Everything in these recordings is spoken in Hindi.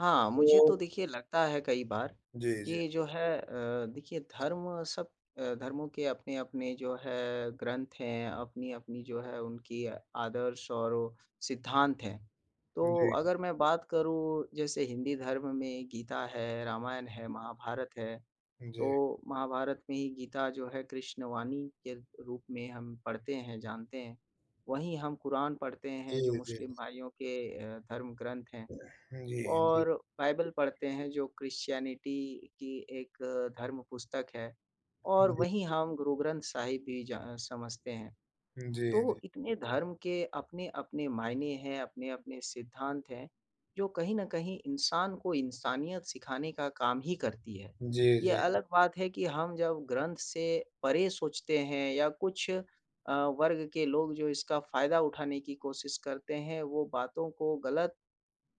हाँ, मुझे तो वो देखिए, लगता है कई बार जी, जी। कि जो है अ, देखिए, धर्म सब अ, धर्मों के अपने-अपने जो है, ग्रंथ हैं, अपनी-अपनी जो है, उनकी आदर्श और सिद्धांत हैं। उ, तो जी। अगर मैं बात करूँ, जैसे हिंदी धर्म में गीता है, रामायण है, महाभारत है। जी। तो महाभारत में ही गीता जो है, कृष्णवाणी के रूप में हम पढ़ते हैं, जानते हैं। वहीं हम कुरान पढ़ते हैं, जो जी, जी। मुस्लिम भाइयों के अ, धर्म ग्रंथ हैं जी, जी। और बाइबल पढ़ते हैं, जो क्रिश्चियनिटी की एक धर्म पुस्तक है, और वहीं [unintelligible] हम गुरु ग्रंथ साहिब भी ज अ, समझते हैं। जी, जी। तो इतने धर्म के अपने-अपने मायने हैं, अपने-अपने सिद्धांत हैं, जो कहीं न कहीं इंसान को इंसानियत सिखाने का काम ही करती है। जी, ये जी। अलग बात है कि हम जब ग्रंथ से परे सोचते हैं या कुछ अ, वर्ग के लोग जो इसका फ़ायदा उठाने की कोशिश करते हैं, वो बातों को गलत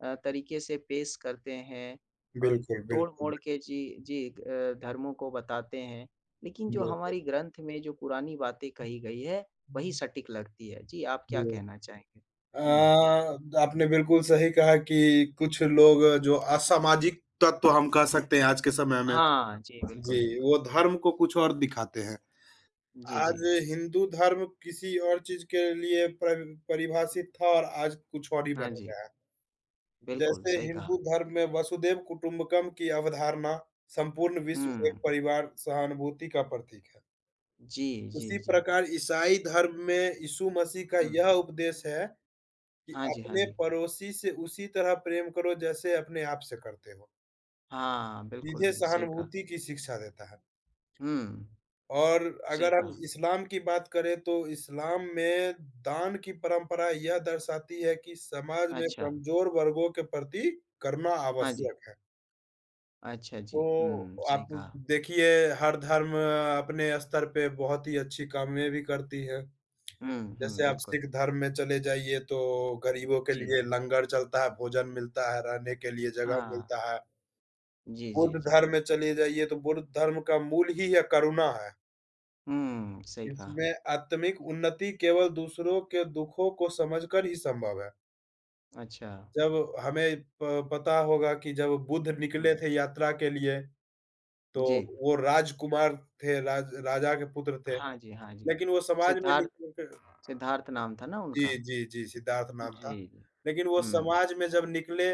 अ, तरीक़े से पेश करते हैं अ, बिल्कुल, तोड़-मोड़ बिल्कुल। के जी, जी। अ, धर्मों को बताते हैं। लेकिन जो बिल हमारी ग्रंथ में जो पुरानी बातें कही गई है, वही हुँ। सटीक लगती है। जी, आप क्या जी कहना चाहेंगे? हुँ। हाँ, अ, आपने बिल्कुल सही कहा कि कुछ लोग, जो असामाजिक तत्व हम कह सकते हैं आज के समय में, हाँ जी, बिल्कुल, जी, बिल्कुल। वो धर्म को कुछ और दिखाते हैं। जी, आज जी। हिंदू धर्म किसी और चीज़ के लिए पर परिभाषित था और आज कुछ और ही बन हाँ, जी। गया है। बिल्कुल, जैसे सही कहा। हिंदू धर्म में वसुधैव कुटुम्बकम की अवधारणा संपूर्ण विश्व एक हुँ। परिवार, सहानुभूति का प्रतीक है। जी, जी, उसी जी। प्रकार ईसाई धर्म में यीशु मसीह का हुँ। यह उपदेश है, कि हाँ जी, हाँ अपने जी। पड़ोसी से उसी तरह प्रेम करो, जैसे अपने आप से करते हो। हाँ, बिल्कुल। सीधे जी, सही कहा। सहानुभूति की शिक्षा देता है। हुँ। और सही अगर हम कहा। इस्लाम की बात करें, तो इस्लाम में दान की परंपरा यह दर्शाती है कि समाज में अच्छा। कमज़ोर वर्गों के प्रति करुणा हाँ, जी। आवश्यक है। अच्छा, जी। हुँ, तो हुँ, सही आप कहा। देखिए, हर धर्म अपने स्तर पे बहुत ही अच्छी कामें भी करती है। हुँ, हुँ। जैसे आप बिल्कुल। सिख धर्म में चले जाइए, तो गरीबों के जी। लिए लंगर चलता है, भोजन मिलता है, रहने के लिए जगह हाँ। मिलता है। जी, जी, बुद्ध जी। धर्म में चले जाइए, तो बुद्ध धर्म का मूल ही यह करुणा है। हुँ, सही कहा। इसमें आत्मिक उन्नति केवल दूसरों के दुखों को समझकर ही संभव है। अच्छा। जब हमें प पता होगा कि जब बुद्ध निकले हुँ। थे यात्रा के लिए, तो जी। वो राजकुमार थे, राज राजा के पुत्र थे, हाँ जी, हाँ जी। लेकिन वो समाज में सिद्धार्थ निकलके सिद्धार्थ नाम था ना उनका? जी, जी, जी, सिद्धार्थ नाम था। जी। लेकिन वो हुँ। समाज में जब निकले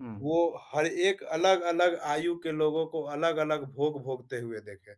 हुँ। वो हर एक अलग-अलग आयु के लोगों को अलग-अलग भोग भोगते हुए देखे।